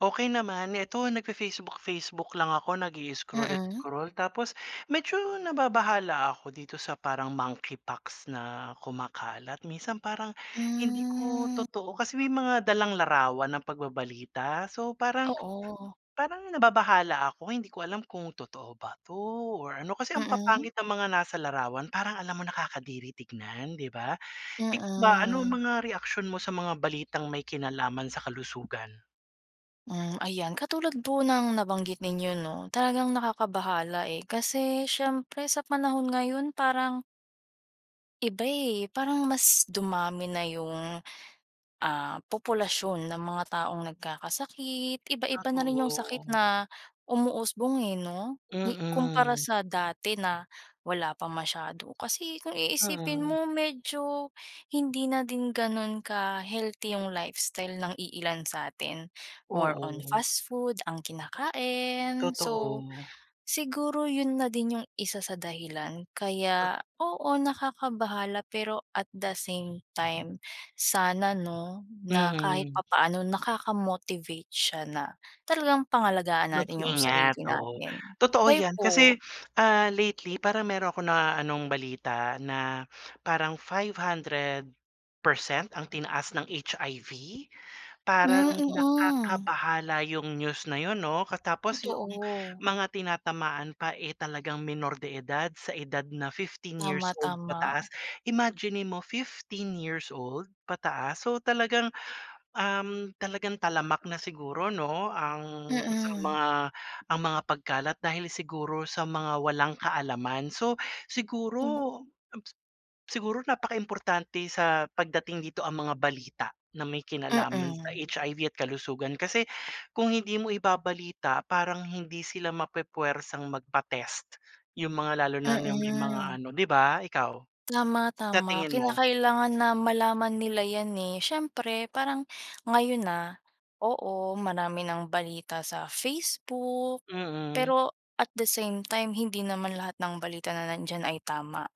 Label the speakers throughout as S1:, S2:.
S1: Okey naman. Ito nagfa-Facebook-Facebook lang ako
S2: Mm.
S1: nagi-scroll-scroll. Tapos, medyo nababahala ako dito sa parang monkeypox na kumakalat, minsan parang, hindi ko
S2: Hmm.
S1: totoo, kasi may mga dalang larawan ang pagbabalita. So parang
S2: Oo.
S1: parang nababahala ako, hindi ko alam kung totoo ba 'to or ano. Kasi ang
S2: Mm.
S1: papanggit ng mga nasa larawan, parang alam mo nakakadiri tignan, 'di ba. Ik ba, ano ang
S2: Oo.
S1: mga reaksyon mo sa mga balitang may kinalaman sa kalusugan?
S2: Hmm, ayan. Katulad po ng nabanggit ninyo, 'no, talagang nakakabahala, eh. Kasi, syempre sa panahon ngayon parang iba, eh, parang mas dumami na 'yong, ah, populasyon ng mga taong nagkakasakit. Iba-iba na
S1: Kaso
S2: rin 'yong sakit
S1: oo.
S2: na umuusbong, eh, 'no, hi kumpara
S1: Mm.
S2: sa dati na, wala pa masyado. Kasi, kung
S1: Ah,
S2: iisipin
S1: mm.
S2: mo medyo, hindi na din gano'n ka-healthy 'yong lifestyle ng iilan sa'tin, more on
S1: Oo.
S2: fast food ang kinakain. So,
S1: Totoo.
S2: siguro 'yon na din 'yong isa sa dahilan
S1: Tot
S2: kaya, oo, nakakabahala pero at the same time, sana, 'no, na kahit
S1: Mm.
S2: papaano nakaka-motivate siya na talagang pangalagaan natin 'yong sarili
S1: Mag-ingat, oo.
S2: natin.
S1: Totoo
S2: Kayo
S1: 'yan, kasi,
S2: po?
S1: ah, lately parang meron akong na anong balita na parang 500% ang tinaas ng HIV.
S2: Hmm,
S1: Parang
S2: mm.
S1: nakakabahala 'yong news na 'yon, 'no, katapos 'yong
S2: Totoo.
S1: mga tinatamaan pa, eh, talagang menor de edad. Sa edad na 15 years
S2: Tama,
S1: old
S2: tama.
S1: pataas, imaginin mo, 15 years old pataas, so talagang, um, talagang talamak na siguro, 'no, ang sa
S2: Mm.
S1: mga ang mga pagkalat dahil siguro sa mga walang kaalaman. So,
S2: Oo.
S1: siguro, abs siguro napakaimportante sa pagdating dito ang mga balita na may kinalaman sa
S2: Mm.
S1: HIV at kalusugan. Kasi, kung hindi mo ibabalita parang hindi sila mapu-puwersang magpa-test, 'yong mga lalo na, 'no, 'yong may mga
S2: Mm.
S1: ano, 'di ba. Ikaw, sa
S2: Tama-tama.
S1: tingin mo?
S2: Kinakailangan na malaman nila 'yan, eh. Siyempre, parang, ngayon, ah, oo, marami ng balita sa Facebook,
S1: Mm.
S2: pero, at the same time hindi naman lahat ng balita na nandiyan ay tama,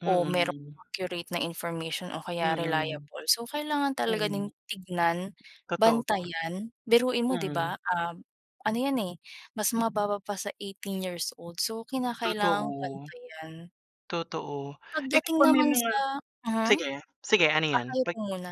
S2: o merong
S1: Mm.
S2: accurate na information o kaya
S1: Mm.
S2: reliable. So, kailangan talaga ding
S1: Mm.
S2: tignan,
S1: Totoo pa.
S2: bantayan, biruin mo, 'di ba,
S1: Mm.
S2: um, ano 'yan, eh, mas mababa pa sa 18 years old, so kinakailangang
S1: Totoo.
S2: bantayan.
S1: Totoo. Eh, kung
S2: Pagdating
S1: pag may
S2: naman
S1: mga
S2: sa mhm,
S1: sige, sige, ano
S2: ah,
S1: 'yon?
S2: kayo
S1: Pag
S2: po muna.